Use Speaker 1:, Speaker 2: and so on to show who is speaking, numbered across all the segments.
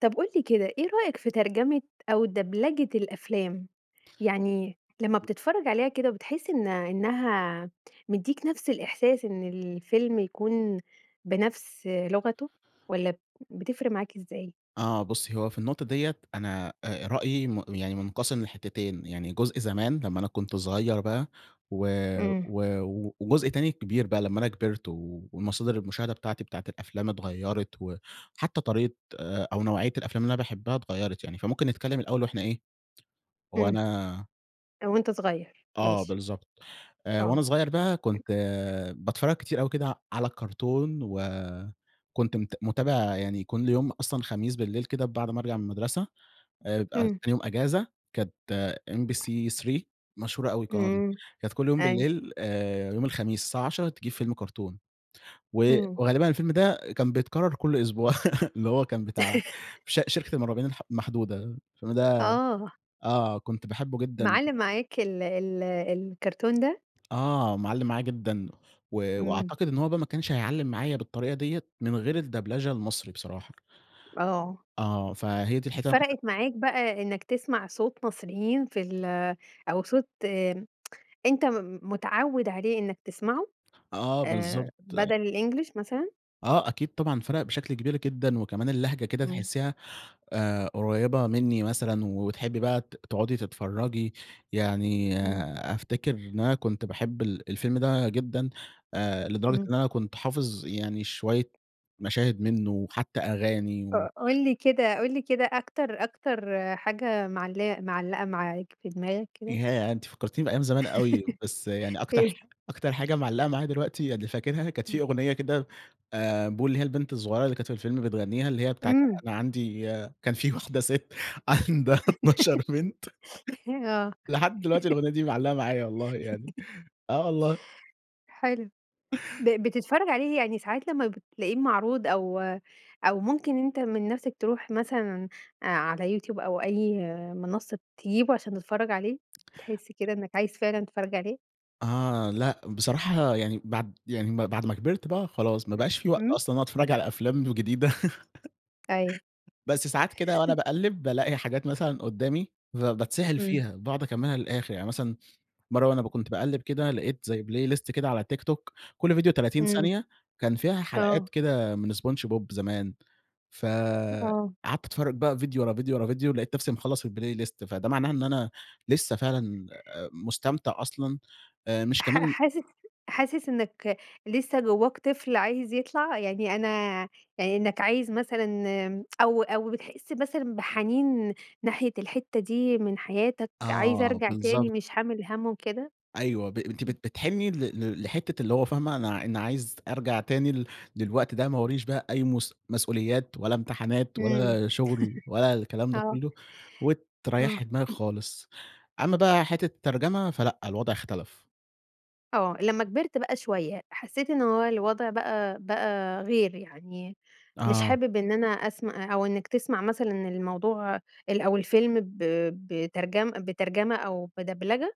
Speaker 1: طب قُل لي كده، إيه رأيك في ترجمة أو دبلجة الأفلام؟ يعني لمّا
Speaker 2: [unintelligible]
Speaker 1: بتتفرج عليها كده بتحس إن إنها مدّيك نفس الإحساس إن الفيلم يكون بنفس لغته والّا بتفرق معاك إزاي؟
Speaker 2: آه، بُصّي هو في النقطة دِيَّة، أنا آآ رأيي م يعني منقسم لحتتين، يعني جزء زمان لمّا أنا كنت صغير بقى و
Speaker 1: امم.
Speaker 2: و وجزء تاني كبير بقى لمّا أنا كبرت ومصادر المشاهدة بتاعتي بتاعة الأفلام اتغيرت وحتى طريقة أو نوعية الأفلام اللي أنا باحبها اتغيرت يعني. فممكن نتكلم الأول وإحنا إيه
Speaker 1: امم.
Speaker 2: وأنا
Speaker 1: آآ، وأنت صغير،
Speaker 2: آه،
Speaker 1: ماشي.
Speaker 2: بالضبط. آآ وأنا
Speaker 1: آه.
Speaker 2: صغير بقى كنت باتفرج كتير أوي كده على الكرتون وكنت مت متابع يعني كل يوم، أصلًا خميس بالليل كده بعد ما أرجع من المدرسة، آآ بقى
Speaker 1: امم.
Speaker 2: تاني يوم اجازة، كانت MBC3 مشهورة أوي القناة دي.
Speaker 1: امم،
Speaker 2: كانت كل يوم
Speaker 1: أيوه.
Speaker 2: بالليل آآ يوم الخميس الساعة عشرة تجيب فيلم كرتون و
Speaker 1: امم.
Speaker 2: وغالبًا الفيلم ده كان بيتكرر كل أسبوع اللي هو كان بتاع ش شركة المُرعبين الح المحدودة، فيلم ده
Speaker 1: آه.
Speaker 2: آه، كنت باحبه جدًا
Speaker 1: معلِّم معاك ال ال الكرتون ده؟
Speaker 2: آه، معلِّم معايا جدًا، و
Speaker 1: امم.
Speaker 2: وأعتقد إن هو بقى ما كانش هيعلِّم معايا بالطريقة دِيَّة من غير الدبلجة المصري بصراحة.
Speaker 1: آه.
Speaker 2: آه فهي دي الحتة اللي أنا كنت
Speaker 1: فرقت معاك بقى إنك تسمع صوت مصريين في ال أو صوت أنت م متعوِد عليه إنك تسمعه؟
Speaker 2: آه،
Speaker 1: آآ
Speaker 2: بالضبط.
Speaker 1: بدل الEnglish مثلًا؟
Speaker 2: آه أكيد طبعًا فرق بشكل كبير جدًا، وكمان اللهجة كده
Speaker 1: امم.
Speaker 2: تحسيها آآ قريبة منّي مثلًا، وتحبي بقى ت تقعدي تتفرجي. يعني
Speaker 1: امم.
Speaker 2: أفتكر إن أنا كنت باحب ال الفيلم ده جدًا آآ لدرجة
Speaker 1: امم.
Speaker 2: إن أنا كنت حافظ يعني شوية مشاهد منه وحتى أغاني و
Speaker 1: ق قُل لي كده قُل لي كده أكتر أكتر حاجة معلِ معلَقة معاك في دماغك كده.
Speaker 2: ياه! أنتِ فكرتيني بأيام زمان أوي، بس يعني أكتر ح
Speaker 1: إيه؟
Speaker 2: أكتر حاجة معلقة معايا دلوقتي، يعني فاكرها، كانت في
Speaker 1: امم.
Speaker 2: أغنية كده، آآ، بو اللي هي البنت الصغيرة اللي كانت في الفيلم بتغنيها، اللي هي بتاعة
Speaker 1: امم.
Speaker 2: أنا عندي كان في واحدة ست عندها 12 بنت.
Speaker 1: آه.
Speaker 2: لحد دلوقتي الأغنية دي معلقة معايا والله يعني، آه والله.
Speaker 1: حلو. ب بتتفرج عليه يعني ساعات لمّا بتلاقيه معروض أو أو ممكن أنت من نفسك تروح مثلًا على YouTube أو أي منصة تجيبه عشان تتفرج عليه؟ تحس كده إنك عايز فعلًا تتفرج عليه؟
Speaker 2: آه، لأ، بصراحة يعني بعد يعني م بعد ما كبرت بقى خلاص ما بقاش في وقت
Speaker 1: إمم.
Speaker 2: أصلًا إن أنا أتفرج على أفلام جديدة.
Speaker 1: أيوه.
Speaker 2: بس ساعات كده وأنا باقلِّب بالاقي حاجات مثلًا قُدامي فبتسحل
Speaker 1: امم.
Speaker 2: فيها، باقعد أكملها للآخر. يعني مثلًا مرة وأنا ب كنت باقلِّب كده لقيت زي playlist كده على TikTok، كل فيديو 30
Speaker 1: امم،
Speaker 2: ثانية، كان فيها
Speaker 1: آه.
Speaker 2: حلقات كده من SpongeBob زمان. فقعدت
Speaker 1: آه.
Speaker 2: اتفرج بقى فيديو ورا فيديو ورا فيديو، لقيت نفسي مخلص الplaylist فده معناه إن أنا لسه فعلًا مستمتع أصلًا، آآ مش
Speaker 1: حا
Speaker 2: كمان
Speaker 1: حاسس حاسس إنك لسه جواك طفل عايز يطلع؟ يعني أنا يعني إنك عايز مثلًا، آمم، أو أو بتحس مثلًا بحنين ناحية الحتة دي من حياتك، عايز
Speaker 2: آه،
Speaker 1: أرجع تاني
Speaker 2: بالضبط.
Speaker 1: مش حامل هَم وكده؟
Speaker 2: أيوه ب أنتِ بت بتحني ل لحتة اللي هو فاهمة أنا ع أنا عايز أرجع تاني لل للوقت ده، ما وراييش بقى أي مُس مَسؤوليات، ولا امتحانات،
Speaker 1: إمم.
Speaker 2: ولا شغل، ولا الكلام ده
Speaker 1: آه.
Speaker 2: كله،
Speaker 1: آه.
Speaker 2: وتريحي دماغك خالص. أمّا بقى حتة الترجمة، فلأ، الوضع اختلف.
Speaker 1: آه، لمّا كبرت بقى شوية، حسيت إن هو الوضع بقى بقى غير يعني، مش
Speaker 2: آه.
Speaker 1: حابب إن أنا أسم آآ أو إنك تسمع مثلًا الموضوع ال أو الفيلم ب بترجم بترجمة أو بدبلجة؟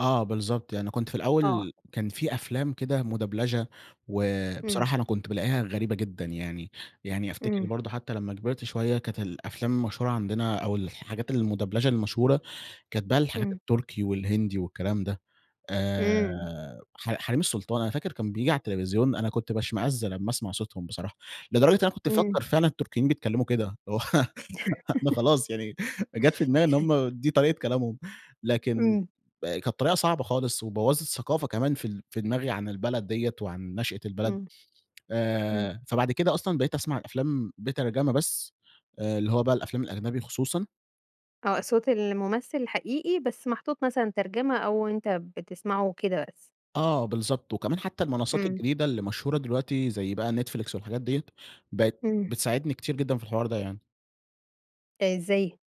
Speaker 2: آه، بالضبط. يعني كنت في
Speaker 1: آه.
Speaker 2: الأول كان في أفلام كده مدبلچة،
Speaker 1: امم.
Speaker 2: وبصراحة أنا كنت بالاقيها غريبة جدًا يعني، يعني أفتكر
Speaker 1: امم.
Speaker 2: برضه حتى لمّا كبرت شوية كانت الأفلام المشهورة عندنا أو الحاجات المدبلچة المشهورة، كانت بقى الحاجات
Speaker 1: امم.
Speaker 2: التركي والهندي والكلام ده. آآ
Speaker 1: إمم.
Speaker 2: ح حريم السلطان، أنا فاكر كان بييجي على التلفزيون، أنا كنت باشمأز لمّا أسمع صوتهم بصراحة، لدرجة إن أنا كنت
Speaker 1: امم.
Speaker 2: مفكر فعلًا، التركيين بيتكلموا كده، هو أنا خلاص يعني جات في دماغي إن هم دي طريقة كلامهم، لكن
Speaker 1: امم.
Speaker 2: كانت طريقة صعبة خالص وبوَّظت ثقافة كمان في ال في دماغي عن البلد دِيَّة وعن نشأة البلد.
Speaker 1: امم. امم.
Speaker 2: آآ فبعد كده أصلًا بقيت أسمع الأفلام بترجمة بس، آآ اللي هو بقى الأفلام الأجنبي خصوصًا.
Speaker 1: آه، صوت الممثل الحقيقي بس محطوط مثلًا ترجمة أو أنت بتسمعه وكده بس.
Speaker 2: آه بالضبط، وكمان حتى المنصات
Speaker 1: امم.
Speaker 2: الجديدة اللي مشهورة دلوقتي زي بقى Netflix والحاجات دِيَّة، بقت
Speaker 1: امم.
Speaker 2: بتساعدني كتير جدًا في الحوار ده يعني.
Speaker 1: ده ازاي؟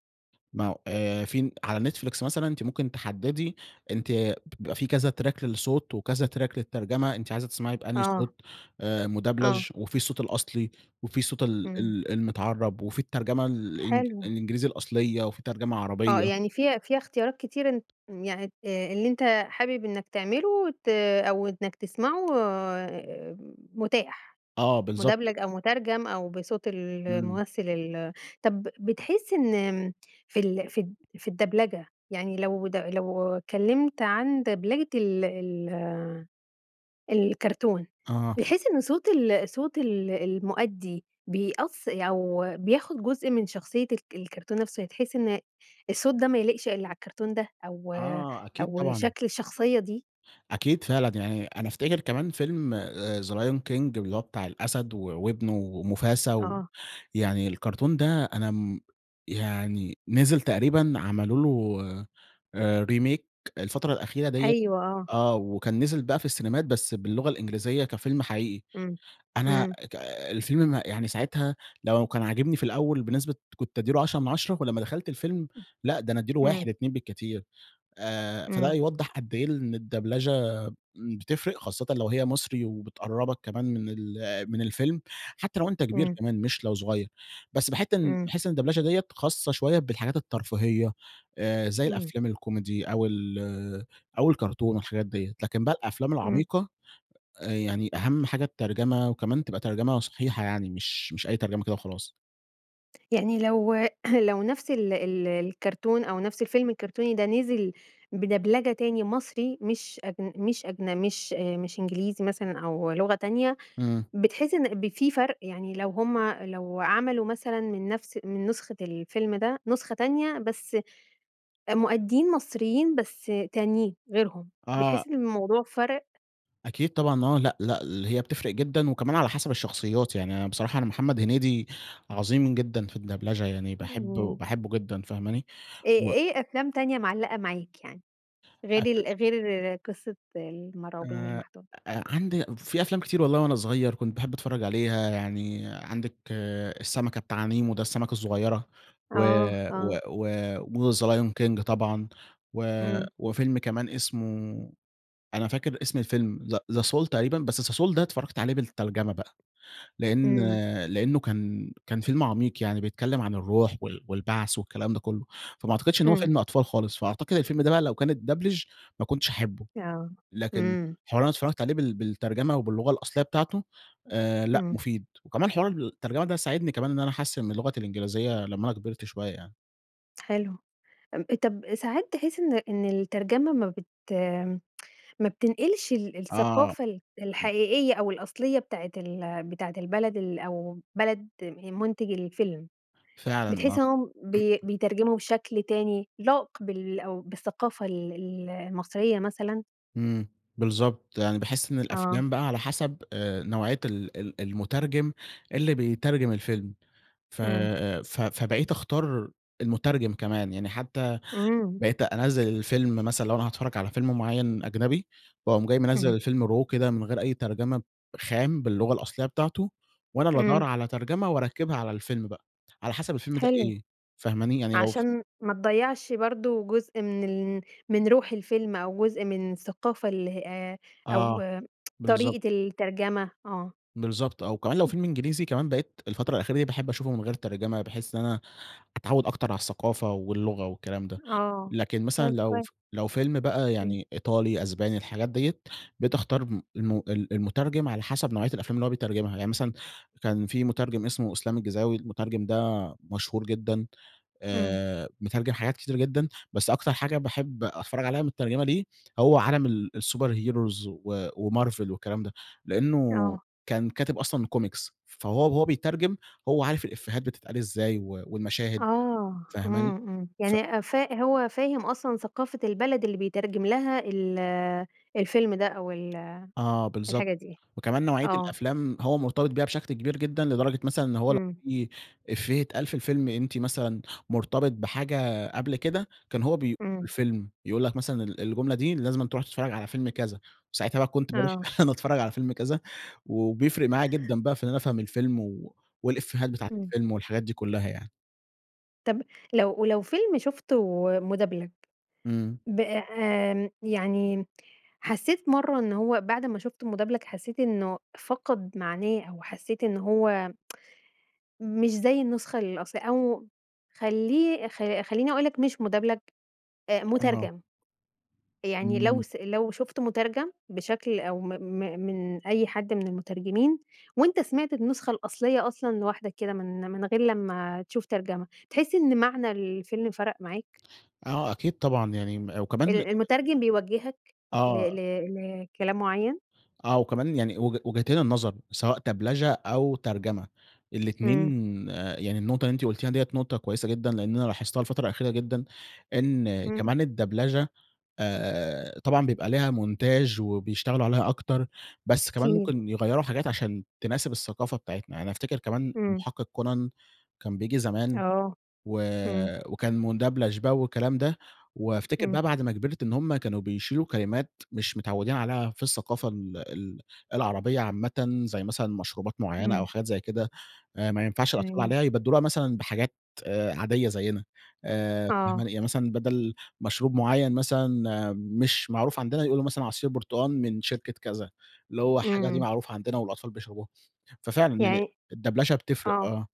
Speaker 2: ما هو آآ فين على نتفليكس مثلًا أنتِ ممكن تحددي أنتِ بيبقى في كذا تراك للصوت وكذا تراك للترجمة أنتِ عايزة تسمعي بأنهي
Speaker 1: آه.
Speaker 2: صوت آآ
Speaker 1: آه.
Speaker 2: مدبلج، وفي الصوت الأصلي، وفي صوت ال
Speaker 1: امم.
Speaker 2: ال المتعرب وفي الترجمة الإنج
Speaker 1: حلو.
Speaker 2: الإنجليزي الأصليّة وفي ترجمة
Speaker 1: آه
Speaker 2: عربيّة.
Speaker 1: يعني في فيها اختيارات كتيرة أن يعني آآ اللي أنت حابب إنّك تعمله ت أو إنّك تسمعه آآ متاح.
Speaker 2: آه بالضبط
Speaker 1: مدبلج أو مترجم أو بصوت
Speaker 2: امم.
Speaker 1: الممثّل ال طب بتحس إن آمم في ال في ال في الدبلجة يعني لو د لو اتكلّمت عن دبلجة ال ال الكرتون
Speaker 2: آه.
Speaker 1: بتحس إنّ صوت ال صوت ال المؤدي بيأث أو بياخد جزء من شخصيّة الك الكرتون نفسه بتحس إن الصوت ده ما يليقش إلا على الكرتون ده أو
Speaker 2: آه أكيد
Speaker 1: أو
Speaker 2: طبعًا.
Speaker 1: شكل الشخصيّة دي؟
Speaker 2: أكيد فعلًا. يعني أنا أفتكر كمان فيلم آآ The Lion King اللي هو بتاع الأسد و وابنه وموفاسا،
Speaker 1: آه.
Speaker 2: ويعني الكرتون ده أنا امم يعني نزل تقريبًا عملوا له آآ Remake الفترة الأخيرة دِيَّة
Speaker 1: أيوه آه.
Speaker 2: آه، وكان نزل بقى في السينيمات بس باللغة الإنجليزية كفيلم حقيقي.
Speaker 1: امم.
Speaker 2: أنا
Speaker 1: امم.
Speaker 2: ك الفيلم م يعني ساعتها لو كان عاجبني في الأوّل بنسبة كنت أدي له 10 مِن 10، ولمّا دخلت الفيلم
Speaker 1: [unintelligible]
Speaker 2: لأ ده أنا أدي له
Speaker 1: امم.
Speaker 2: 1، 2 بالكتير. آآ فده
Speaker 1: امم.
Speaker 2: يوضح قد إيه ال إن الدبلچة بتفرق، خاصةً لو هي مصري وبتقربك كمان من ال من الفيلم حتّى لو أنت كبير
Speaker 1: امم.
Speaker 2: كمان مش لو صغيّر. بس باحس
Speaker 1: امم.
Speaker 2: باحس إن الدبلچة دي خاصة شويّة بالحاجات الترفيهية آآ زي
Speaker 1: امم.
Speaker 2: الأفلام الكوميدي أو ال أو الكرتون والحاجات ديّة، لكن بقى الأفلام
Speaker 1: امم.
Speaker 2: العميقة يعني أهم حاجة الترجمة، وكمان تبقى ترجمة صحيحة يعني مش مش أي ترجمة كده وخلاص.
Speaker 1: يعني لو لو نفس ال ال الكرتون أو نفس الفيلم الكرتوني ده نزل بدبلجة تاني مصري مش أجن مش أجن مش مش إنجليزي مثلًا أو لغة تانية،
Speaker 2: امم.
Speaker 1: بتحس إن ب في فرق؟ يعني لو هم لو عملوا مثلًا من نفس من نسخة الفيلم ده نسخة تانية بس آآ مؤديين مصريين بس تانيين، غيرهم،
Speaker 2: آه.
Speaker 1: بتحس إن الموضوع فَرَق؟
Speaker 2: أكيد طبعًا. آه، لأ، لأ، ل هي بتفرْق جدًا، وكمان على حسب الشخصيات يعني أنا بصراحة أنا محمد هنيدي عظيم جدًا في الدبلچة، يعني باحب
Speaker 1: امم.
Speaker 2: باحبه جدًا فاهماني؟
Speaker 1: إيه
Speaker 2: و
Speaker 1: إيه أفلام تانية معلقة معاك يعني، غير
Speaker 2: [unintelligible]
Speaker 1: ال غير قصة المرعوبين
Speaker 2: آآ
Speaker 1: المحدودة؟
Speaker 2: أ عندي في أفلام كتير والله وأنا صغير كنت باحب أتفرج عليها، يعني عندك السمكة بتاع نيمو ده السمكة الصغيرة، و
Speaker 1: آه،
Speaker 2: و
Speaker 1: آه.
Speaker 2: و وThe Lion King طبعًا، و
Speaker 1: إمم.
Speaker 2: وفيلم كمان اسمه أنا فاكر اسم الفيلم زا The soul تقريبًا، بس The soul ده اتفرجت عليه بالترجمة بقى. لأن
Speaker 1: إمم.
Speaker 2: لأنه كان كان فيلم عميق، يعني بيتكلم عن الروح وال والبعث والكلام ده كله. فما أعتقدش إن هو
Speaker 1: إمم.
Speaker 2: فيلم أطفال خالص، فأعتقد الفيلم ده بقى لو كانت اتبدلچ ما كنتش هاحبه.
Speaker 1: آه،
Speaker 2: لكن
Speaker 1: إمم.
Speaker 2: حوار إن أنا اتفرجت عليه بال بالترجمة وباللغة الأصلية بتاعته، آآ لأ
Speaker 1: إمم.
Speaker 2: مفيد، وكمان حوار الترجمة ده ساعدني كمان إن أنا أحسِّن من لغتي الإنجليزية لمّا أنا كبرت شوية يعني.
Speaker 1: حلو. ام طب ساعات تحس إن إن الترجمة ما بت ما بتنقلش ال
Speaker 2: آه.
Speaker 1: الثقافة ال
Speaker 2: [unintelligible]
Speaker 1: الحقيقية أو الأصلية بتاعة ال بتاعة البلد ال أو بلد آآ منتج الفيلم.
Speaker 2: فعلًا آه.
Speaker 1: بتحسهم إنهم بي بيترجموا بشكل تاني لائق بال أو بالثقافة ال المصرية مثلًا؟
Speaker 2: إمم، بالضبط. يعني باحس إن
Speaker 1: آه.
Speaker 2: الأفلام بقى على حسب آآ نوعية ال ال المترجم اللي بيترجم الفيلم، ف
Speaker 1: إمم.
Speaker 2: آآ ف فبقيت أختار المترجم كمان، يعني حتى
Speaker 1: إمم.
Speaker 2: بقيت أنزِّل الفيلم مثلًا لو أنا هاتفرج على فيلم مُعيّن أجنبي، وأقوم جاي منزِّل
Speaker 1: اهم
Speaker 2: الفيلم raw كده من غير أي ترجمة، خام، باللغة الأصلية بتاعته، وأنا اللي أدوَّر
Speaker 1: إمم.
Speaker 2: على ترجمة وأركِّبها على الفيلم بقى، على حسب الفيلم ده
Speaker 1: حلو.
Speaker 2: إيه، فاهماني، يعني لو ف
Speaker 1: عشان ما تضيَّعش برضه جزء من ال من روح الفيلم أو جزء من الثقافة اللي ه آآ أو
Speaker 2: آه، بالضبط.
Speaker 1: طريقة الترجمة، آه.
Speaker 2: بالضبط آه، وكمان لو
Speaker 1: [unintelligible]
Speaker 2: فيلم إنجليزي كمان بقيت الفترة الأخيرة دي باحب أشوفه من غير ترجمة، بحيث إن أنا أتعود أكتر على الثقافة واللغة والكلام ده.
Speaker 1: آه،
Speaker 2: لكن مثلًا
Speaker 1: طيب
Speaker 2: لو
Speaker 1: كوي
Speaker 2: ف لو فيلم بقى
Speaker 1: امم.
Speaker 2: يعني إيطالي، أسباني، الحاجات دِيَّة، بقيت أختار م الم ال المترجم على حسب نوعية الأفلام اللي هو بيترجمها، يعني مثلًا كان في مترجم اسمه إسلام الجيزاوي، المترجم ده مشهور جدًا.
Speaker 1: إمم.
Speaker 2: آآ مترجم حاجات كتير جدًا، بس أكتر حاجة باحب أتفرج عليها متترجمة ليه هو عالم ال الsuper heros و وMarvel والكلام ده. لأنه
Speaker 1: آه.
Speaker 2: كان كاتب أصلًا comics فهو وهو بيترجم، هو عارف الإفيهات بتتقال إزاي و والمشاهد،
Speaker 1: آه،
Speaker 2: فاهماني.
Speaker 1: إمم، إمم.
Speaker 2: ف
Speaker 1: يعني فا هو فاهم أصلًا ثقافة البلد اللي بيترجم لها ال الفيلم ده أو ال
Speaker 2: آه
Speaker 1: الحاجة
Speaker 2: بالضبط،
Speaker 1: دي؟
Speaker 2: وكمان نوعية
Speaker 1: آه.
Speaker 2: الأفلام هو مرتبط بيها بشكل كبير جدًا لدرجة مثلًا إن هو لو
Speaker 1: إمم.
Speaker 2: في إفية إتقال في الفيلم أنتِ مثلًا مرتبط بحاجة قبل كده، كان هو بي [unintelligible]
Speaker 1: إمم.
Speaker 2: الفيلم، يقول لك مثلًا ال الجملة دي لازمًا تروح تتفرج على فيلم كذا، وساعتها بقى كنت باروح
Speaker 1: آه.
Speaker 2: إن أنا أتفرج على فيلم كذا، و وبيفرق معايا جدًا بقى في إن أنا أفهم الفيلم و والإفيهات بتاعة
Speaker 1: إمم.
Speaker 2: الفيلم والحاجات دي كلها يعني.
Speaker 1: طب لو ولو فيلم شفته مدبلج،
Speaker 2: إمم.
Speaker 1: ب آمم، يعني حسيت مرّة إن هو بعد ما شفته مدبلج، حسيت إنه فقد معناه أو حسيت إن هو مش زي النسخة الأصل أو خلّيه خ خلّيني أقول لك مش مدبلج، آآ
Speaker 2: آه.
Speaker 1: مترجم. يعني لو
Speaker 2: امم.
Speaker 1: س لو شفته مترجم بشكل أو م م من أي حد من المترجمين وأنت سمعت النسخة الأصلية أصلًا لوحدك كده من من غير لمّا تشوف ترجمة. تحس إن معنى الفيلم فرق معاك؟
Speaker 2: آه أكيد طبعًا، يعني م
Speaker 1: ال
Speaker 2: وكمان
Speaker 1: المترجم بيوجهك ل ل
Speaker 2: آه.
Speaker 1: لكلام مُعيّن؟
Speaker 2: آه، وكمان يعني وج وجهتين النظر سواء دبلچة أو ترجمة، الاتنين
Speaker 1: إمم.
Speaker 2: يعني النقطة اللي أنتِ قُلتيها دِيَّة نقطة كويسة جدًا، لأن أنا لاحظتها الفترة الأخيرة جدًا. إن
Speaker 1: إمم.
Speaker 2: كمان الدبلچة، آآ طبعًا بيبقى ليها مونتاچ وبيشتغلوا عليها أكتر، بس كمان
Speaker 1: أكيد.
Speaker 2: ممكن يغيروا حاجات عشان تناسب الثقافة بتاعتنا. أنا أفتكر كمان
Speaker 1: إمم.
Speaker 2: المحقق كونان كان بييجي زمان،
Speaker 1: آه،
Speaker 2: و
Speaker 1: إمم.
Speaker 2: وكان مُدبلچ والكلام ده، وأفتكر
Speaker 1: إمم.
Speaker 2: بقى بعد ما كبرت إن هم كانوا بيشيلوا كلمات مش متعودين عليها في الثقافة ال ال العربية عامةً زي مثلًا مشروبات مُعيّنة
Speaker 1: إمم.
Speaker 2: أو حاجات زي كده. آآ ما ينفعش الأطفال
Speaker 1: تمام.
Speaker 2: عليها، يبدلوها مثلًا بحاجات عادية زينا. آآ
Speaker 1: آه.
Speaker 2: فاهماني؟ يعني مثلًا بدل مشروب مُعيّن مثلًا مش معروف عندنا، يقولوا مثلًا عصير برتقان من شركة كذا، اللي هو حاجة دي
Speaker 1: إمم.
Speaker 2: معروفة عندنا والأطفال بيشربوها. ففعلًا يعني
Speaker 1: يعني
Speaker 2: الدبلچة بتفرق،
Speaker 1: آه.
Speaker 2: آه.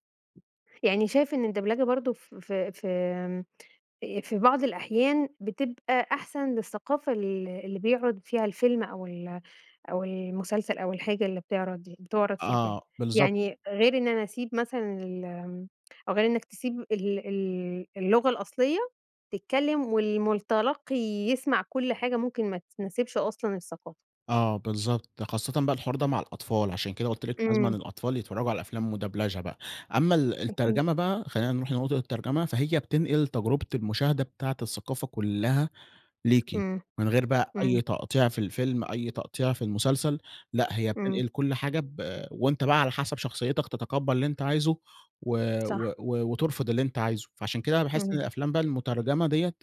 Speaker 1: يعني شايف إن الدبلجة برضه ف في في آمم، آآk في بعض الأحيان بتبقى أحسن للثقافة ال اللي بيعرض فيها الفيلم أو ال أو المسلسل أو الحاجة اللي بتعرض بتعرض في الفيلم.
Speaker 2: آه بالضبط.
Speaker 1: يعني غير إن أنا أسيب مثلًا ال آمم أو غير إنك تسيب ال ال اللغة الأصلية، تتكلم والمتلقي يسمع كل حاجة ممكن ما تناسبش أصلًا الثقافة.
Speaker 2: آه بالضبط، خاصةً بقى الحوار ده مع الأطفال عشان كده قُلت لِك لازمًا
Speaker 1: إمم.
Speaker 2: الأطفال يتفرجوا على أفلام مدبلچة بقى، أمّا ال
Speaker 1: أكيد.
Speaker 2: الترجمة بقى خلّينا نروح لنقطة الترجمة، فهي بتنقل تجربة المشاهدة بتاعة الثقافة كلها ليكِ،
Speaker 1: إمم،
Speaker 2: من غير بقى
Speaker 1: إمم.
Speaker 2: أي تقطيع في الفيلم، أي تقطيع في المسلسل. لأ، هي
Speaker 1: إمم.
Speaker 2: بتنقل كل حاجة ب وأنت بقى على حسب شخصيتك تتقبل اللي أنت عايزه و و
Speaker 1: صح.
Speaker 2: و وترفض اللي أنت عايزه. فعشان كده أنا باحس إن
Speaker 1: امم.
Speaker 2: الأفلام بقى المترجمة دِيَّة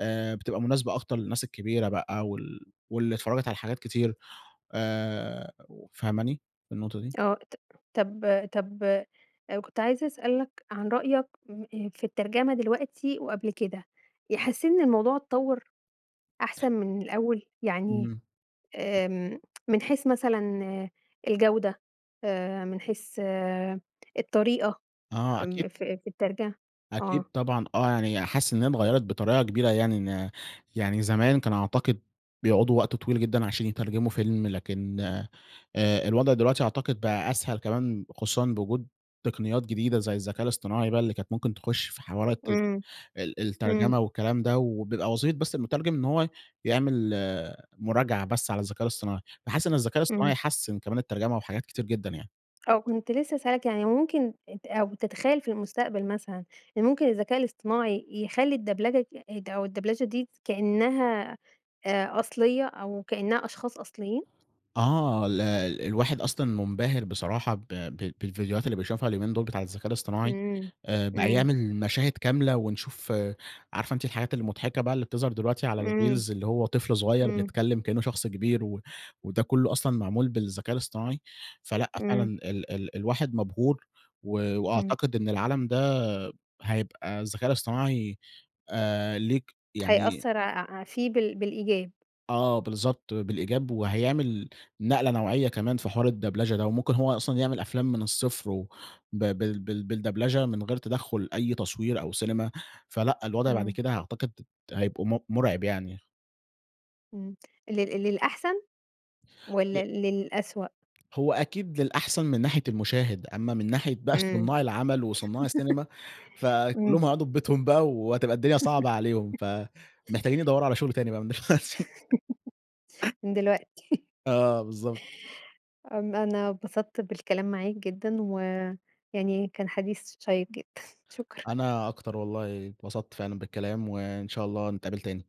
Speaker 2: آآ بتبقى مناسبة أكتر للناس الكبيرة بقى وال واللي اتفرجت على حاجات كتير. آآ و فاهماني في النقطة دي؟
Speaker 1: آه، ط طب طب كنت عايزة أسألك عن رأيك في الترجمة دلوقتي وقبل كده. حسيت إن الموضوع اتطوَّر أحسن من الأول؟ يعني
Speaker 2: امم.
Speaker 1: آمم من حيث مثلًا الجودة، آآ من حيث الطريقة،
Speaker 2: آه أكيد
Speaker 1: م في في الترج آه.
Speaker 2: أكيد طبعًا آه، يعني حاسس إن هي اتغيرت بطريقة كبيرة، يعني إن يعني زمان كان أعتقد بيقعدوا وقت طويل جدًا عشان يترجموا فيلم، لكن آآ الوضع دلوقتي أعتقد بقى أسهل كمان خصوصًا بوجود تقنيات جديدة زي الذكاء الإصطناعي بقى اللي كانت ممكن تخش في حوارات
Speaker 1: إمم،
Speaker 2: ال
Speaker 1: امم.
Speaker 2: الترجمة والكلام ده وبيبقى وظيفة بس المترجم إن هو يعمل مراجعة بس على الذكاء الإصطناعي. باحس إن الذكاء
Speaker 1: إمم.
Speaker 2: الإصطناعي حسِّن كمان الترجمة وحاجات كتير جدًا يعني.
Speaker 1: آه وكنت لسه هاسألك، يعني ممكن أنت أو تتخيل في المستقبل مثلًا، إن ممكن الذكاء الاصطناعي يخلّي الدبلجة أو الدبلچة دي كأنها آآ أصلية أو كأنها أشخاص أصليين؟
Speaker 2: آه ال الواحد أصلًا منبهر بصراحة ب ب بالڤيديوهات اللي بيشوفها اليومين دول بتاع الذكاء الإصطناعي.
Speaker 1: إمم،
Speaker 2: آآ بقى
Speaker 1: إمم.
Speaker 2: يعمل مشاهد كاملة ونشوف عارفة أنتِ الحاجات المضحكة بقى اللي بتظهر دلوقتي على
Speaker 1: إمم،
Speaker 2: الreels اللي هو طفل صغير
Speaker 1: إمم.
Speaker 2: بيتكلم كأنه شخص كبير و وده كله أصلًا معمول بالذكاء الإصطناعي؟ فلأ، فعلًا
Speaker 1: إمم.
Speaker 2: ال ال الواحد مبهور و
Speaker 1: امم.
Speaker 2: وأعتقد إن العالم ده هيبقى الذكاء الإصطناعي آآ ليك يعني
Speaker 1: هيأثر ع ع فيه بال بالإيجاب.
Speaker 2: آه بالضبط، بالإيجاب، وهيعمل نقلة نوعية كمان في حوار الدبلچة ده، وممكن هو أصلًا يعمل أفلام من الصفر وب بال بال بالدبلچة من غير تدخل أي تصوير أو سينما، فلأ الوضع بعد
Speaker 1: إمم.
Speaker 2: كده أعتقد هيبقوا م مرعب يعني.
Speaker 1: إمم. لل للأحسن؟ والّا
Speaker 2: ي
Speaker 1: للأسوأ؟
Speaker 2: هو أكيد للأحسن من ناحية المشاهد، أمّا من ناحية بقى
Speaker 1: إمم،
Speaker 2: صناع العمل وصناع السينما، فكلهم
Speaker 1: إمم.
Speaker 2: هيقعدوا في ببيتهم بقى وهتبقى الدنيا صعبة عليهم، فمحتاجين يدوروا على شغل تاني بقى من دلوقتي.
Speaker 1: من دلوقتي.
Speaker 2: آه بالضبط.
Speaker 1: آمم، أنا اتبسطت بالكلام معاك جدًا، ويعني كان حديث شيق جدًا. شكرًا.
Speaker 2: أنا أكتر والله، اتبسط فعلًا بالكلام وإن شاء الله نتقابل تاني.